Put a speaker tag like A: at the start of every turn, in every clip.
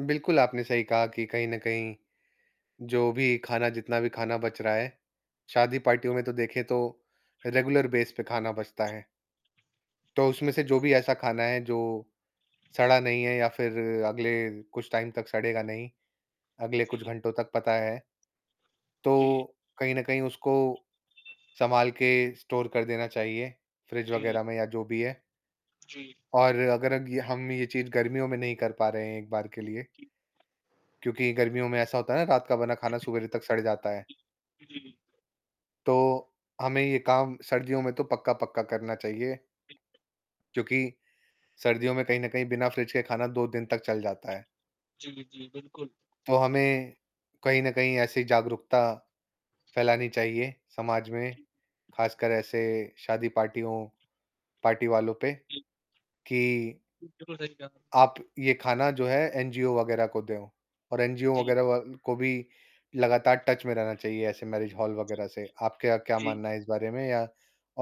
A: बिल्कुल, आपने सही कहा कि कहीं, न कहीं जो भी खाना जितना भी खाना बच रहा है शादी पार्टियों में तो देखें तो रेगुलर बेस पे खाना बचता है। तो उसमें से जो भी ऐसा खाना है जो, सड़ा नही है या फिर अगले कुछ टाइम तक सड़ेगा नही, अगले कुछ
B: जी।
A: घंटो तक पता है।
B: जी।
A: तो, कहीं न कहीं उसको संभाल के स्टोर कर देना चाहिए, फ्रिज
B: जी।
A: वगैरह में या जो भी है।
B: जी।
A: और अगर अग हम ये चीज़ गर्मियों में नहीं कर पा रहे हैं एक बार के लिए
B: जी।
A: क्योंकि गर्मियों में ऐसा होता है ना रात का बना खाना सुबेरे तक सड़ जाता है।
B: जी। उ, जी।
A: तो, हमें ये काम सर्दियों में तो पक्का-पक्का करना चाहिए। क्योंकि, सर्दियों में कहीं न कहीं बिना फ्रिज के खाना 2 दिन तक चल जाता है।
B: जी, जी, बिल्कुल।
A: तो हमें कहीं न कहीं ऐसी जागरूकता फैलानी चाहिए समाज में,
B: जी।
A: खासकर ऐसे शादी पार्टियों पार्टी वालों पे
B: [unintelligible]
A: कि
B: बिल्कुल सही कहा आप
A: आप ये खाना जो है एनजीओ वग़ैरह को दो और एनजीओ
B: जी।
A: वग़ैरह को भी लगातार टच में रहना चाहिए ऐसे मैरेज हाल
B: जी,
A: वग़ैरह से। आपका क्या
B: जी, जी।
A: मानना है इस बारे में या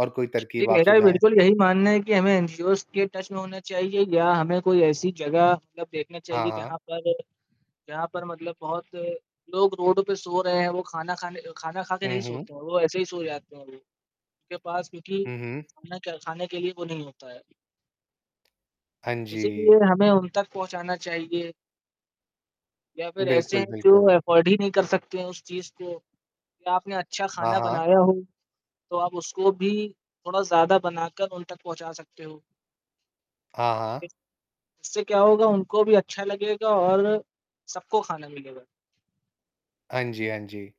A: और कोई
B: ये
A: तरकीब आप
B: मेरा
A: सुझाएँ?
B: बिल्कुल यही मानना है कि हमें एनजीओज़ के टच में होना चाहिए या हमें कोई ऐसी जगह मतलब देखना
A: हाँ,
B: चाहिए
A: हाँ।
B: जहाँ पर जहाँ पर मतलब बहुत लोग रोड पे सो रहे हैं वो खाना खाने खाना खा के
A: हुँ,
B: नहीं
A: हुँ।
B: सोते हैं वो ऐसे ही सो जाते हैं वो, उनके पास क्योंकि
A: हुँ, हुँ।
B: खाना क खाने के लिए वो नहीं होता है।
A: हाँ जी।
B: इसीलिए हमें उन तक पहुँचाना चाहिए। या फिर ऐसे
A: बिल्कुल,
B: हैं जो
A: बिल्कुल।
B: अफोर्ड ही नहीं कर सकते हैं उस चीज़ को या आपने अच्छा
A: हाँ,
B: खाना
A: हाँ।
B: बनाया हो, तो आप उसको भी थोड़ा ज़्यादा बनाकर उन तक पहुँचा सकते हो।
A: हाँ, हाँ।
B: इससे क्या होगा उनको भी अच्छा लगेगा और सबको खाना मिलेगा।
A: हाँ जी, हाँ जी।